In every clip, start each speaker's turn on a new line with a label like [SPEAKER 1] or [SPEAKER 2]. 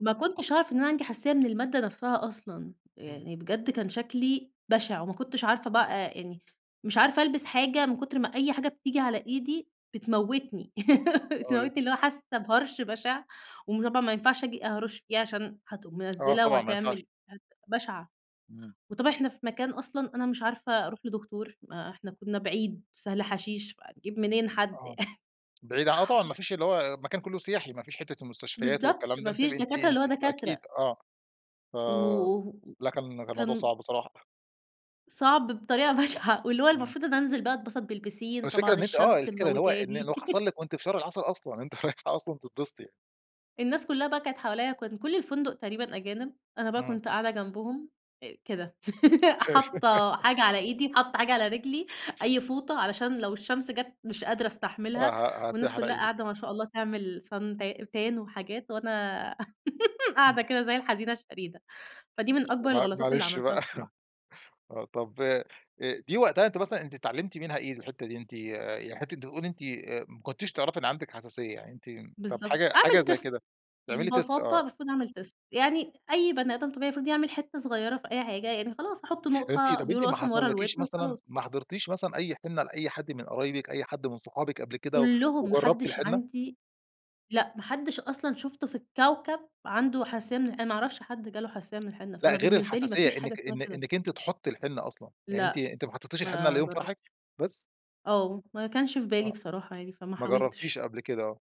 [SPEAKER 1] ما كنتش أعرف إن أنا عندي حساسية من المادة نفسها أصلًا.
[SPEAKER 2] امم.
[SPEAKER 1] يعني بجد كان شكلي بشع، وما كنتش عارفة بقى، آآ، يعني مش عارفة ألبس حاجة من كتر ما أي حاجة بتيجي على إيدي بتموتني بتموتني
[SPEAKER 2] خالص.
[SPEAKER 1] اللي هو حاسة بهرش بشع وم طبعًا ما ينفعش آجي أهرش فيها عشان هتقوم
[SPEAKER 2] آه
[SPEAKER 1] منزلة
[SPEAKER 2] طبعًا ما ينفعش.
[SPEAKER 1] وهتعمل [unintelligible] بشعة.
[SPEAKER 2] امم.
[SPEAKER 1] وطبعًا إحنا في مكان أصلًا أنا مش عارفة أروح لدكتور، ما إحنا كنا بعيد سهل حشيش، فهاجيب منين حد ي
[SPEAKER 2] آه. بعيد عن آه طبعًا ما فيش اللي هو المكان كله سياحي، ما فيش حتّة المستشفيات
[SPEAKER 1] بالضبط
[SPEAKER 2] والكلام ده،
[SPEAKER 1] ما
[SPEAKER 2] أنتِ ب
[SPEAKER 1] فيش
[SPEAKER 2] أنتِ
[SPEAKER 1] دكاترة،
[SPEAKER 2] أنتِ
[SPEAKER 1] اللي هو
[SPEAKER 2] ف أكيد
[SPEAKER 1] دكاترة.
[SPEAKER 2] آه. فَ
[SPEAKER 1] وكان
[SPEAKER 2] لكن لكن الموضوع صعب بصراحة.
[SPEAKER 1] صعب بطريقة بشعة واللي هو
[SPEAKER 2] آه.
[SPEAKER 1] المفروض إن أنزل بقى أتبسط بالبيسين،
[SPEAKER 2] الفكرة
[SPEAKER 1] طبعًا
[SPEAKER 2] إن أنتِ آه،
[SPEAKER 1] الشمس
[SPEAKER 2] الفكرة إن هو إن
[SPEAKER 1] مموتاني
[SPEAKER 2] اللي حصل لك وأنتِ في شهر العسل أصلًا، أنتِ رايحة أصلًا تتبسطي.
[SPEAKER 1] الناس كلها بقى كانت حواليَّ، وكان كل الفندق تقريبًا أجانب. أنا بقى
[SPEAKER 2] امم.
[SPEAKER 1] كنت قاعدة جنبهم آآ كده حاطة حاجة على إيدي، حاطة حاجة على رجلي، أي فوطة علشان لو الشمس جت مش قادرة
[SPEAKER 2] ه
[SPEAKER 1] أستحملها.
[SPEAKER 2] ه
[SPEAKER 1] والناس
[SPEAKER 2] هتحرق
[SPEAKER 1] كلها
[SPEAKER 2] إيدِك.
[SPEAKER 1] قاعدة ما شاء الله تعمل Sun ت Tan وحاجات وأنا
[SPEAKER 2] إمم.
[SPEAKER 1] قاعدة كده زي الحزينة الشريدة. فدي من
[SPEAKER 2] يالّا
[SPEAKER 1] أكبر
[SPEAKER 2] مع
[SPEAKER 1] الغلطات اللي
[SPEAKER 2] معلش
[SPEAKER 1] عملتها
[SPEAKER 2] بقى
[SPEAKER 1] بصراحة.
[SPEAKER 2] آه، طب، آآ، دي وقتها أنتِ مثلًا أنتِ اتعلمتِ منها إيه الحتّة دي؟ أنتِ ي ي حتّة بتقولي أنتِ، آآ، ما كنتيش تعرفي إن عندك حساسية؟ يعني أنتِ طب
[SPEAKER 1] بالضبط.
[SPEAKER 2] حاجة
[SPEAKER 1] أعمل
[SPEAKER 2] حاجة زي
[SPEAKER 1] تيست،
[SPEAKER 2] كده تعملي تيست
[SPEAKER 1] ببساطة
[SPEAKER 2] آه.
[SPEAKER 1] المفروض أعمل تيست. يعني أي بني آدم طبيعي المفروض يعمل حتّة صغيرة في أي حاجة، يعني خلاص أحط
[SPEAKER 2] طب أنتِ
[SPEAKER 1] نقطة
[SPEAKER 2] طب أنتِ
[SPEAKER 1] بيقولوا
[SPEAKER 2] ما
[SPEAKER 1] أصلًا ورا
[SPEAKER 2] حصلكيش
[SPEAKER 1] الودن
[SPEAKER 2] مثلًا
[SPEAKER 1] وخلاص.
[SPEAKER 2] ما حضرتيش مثلًا أي حنة لأي حد من قرايبِك، أي حد من صحابِك قبل كده و
[SPEAKER 1] كلهم
[SPEAKER 2] وجربتِ
[SPEAKER 1] ماحدش
[SPEAKER 2] الحنة؟
[SPEAKER 1] عندي لأ، ما حدش أصلًا شفته في الكوكب، عنده حساسية من ال أنا ما أعرفش حد جاله حساسية من الحنة،
[SPEAKER 2] لأ،
[SPEAKER 1] فأنا
[SPEAKER 2] غير
[SPEAKER 1] بالنسبة لي ما
[SPEAKER 2] الحساسية
[SPEAKER 1] فيش حاجة
[SPEAKER 2] إنك
[SPEAKER 1] اسمها
[SPEAKER 2] إن
[SPEAKER 1] كده.
[SPEAKER 2] إنك أنتِ تحطي الحنة أصلًا، يعني أنتِ
[SPEAKER 1] لأ،
[SPEAKER 2] أنتِ ما حطيتش الحنة إلا
[SPEAKER 1] ما
[SPEAKER 2] يوم فرحِك
[SPEAKER 1] جربتش.
[SPEAKER 2] بس؟
[SPEAKER 1] آه ما كانش في بالي
[SPEAKER 2] آه.
[SPEAKER 1] بصراحة يعني فما
[SPEAKER 2] ما
[SPEAKER 1] حاولتش.
[SPEAKER 2] جربتيش قبل كده آه.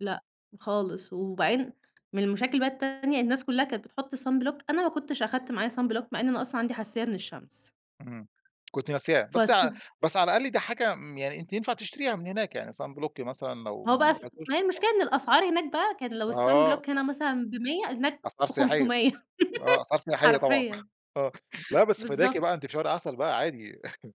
[SPEAKER 1] لأ، خالص وبعدين من المشاكل بقى التانية الناس كلها كانت بتحط sunblock أنا ما كنتش أخدت معايا sunblock مع إن أنا أصلًا عندي حساسية من الشمس.
[SPEAKER 2] امم، كنتِ ناسياه. بس
[SPEAKER 1] فالص
[SPEAKER 2] ع بس على الأقل ده حاجة، امم، يعني أنتِ ينفع تشتريها من هناك يعني sunblock مثلًا لو
[SPEAKER 1] هو بقى الص
[SPEAKER 2] [unintelligible]
[SPEAKER 1] ما هي
[SPEAKER 2] آه.
[SPEAKER 1] المشكلة إن الأسعار هناك بقى، كان لو
[SPEAKER 2] آه
[SPEAKER 1] الsunblock هنا
[SPEAKER 2] [unintelligible]
[SPEAKER 1] مثلًا ب100 هناك
[SPEAKER 2] أسعار سياحية،
[SPEAKER 1] ب500
[SPEAKER 2] آه أسعار سياحية طبعًا
[SPEAKER 1] حرفيًا.
[SPEAKER 2] آه لأ، بس فداكِ بقى
[SPEAKER 1] بالضبط.
[SPEAKER 2] أنتِ في شهر عسل بقى عادي.